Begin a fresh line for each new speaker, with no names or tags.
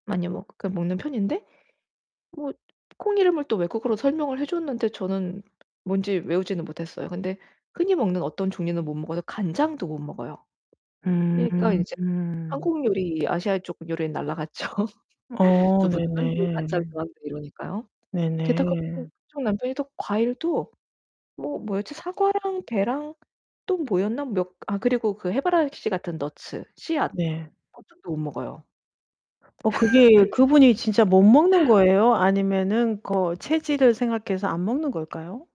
많이 먹 그 먹는 편인데 뭐 콩이름을 또 외국어로 설명을 해 줬는데 저는 뭔지 외우지는 못했어요. 근데 흔히 먹는 어떤 종류는 못 먹어서 간장도 못 먹어요.
음
그러니까
음
이제
음.
한국 요리 아시아 쪽 요리는 날라갔죠.
어,
두부도 안돼
네네.
간장도 안돼 이러니까요. 게다가 응
네네.
그 쪽 남편이 또 과일도 뭐 뭐였지? 사과랑 배랑 또 뭐였나? 몇 아 그리고 그 해바라기씨 같은 넛츠, 씨앗,
네.
[unintelligible] 도 못 먹어요.
어 그게
그래서
그분이 진짜 못 먹는 거예요 아니면은 거 체질을 생각해서 안 먹는 걸까요?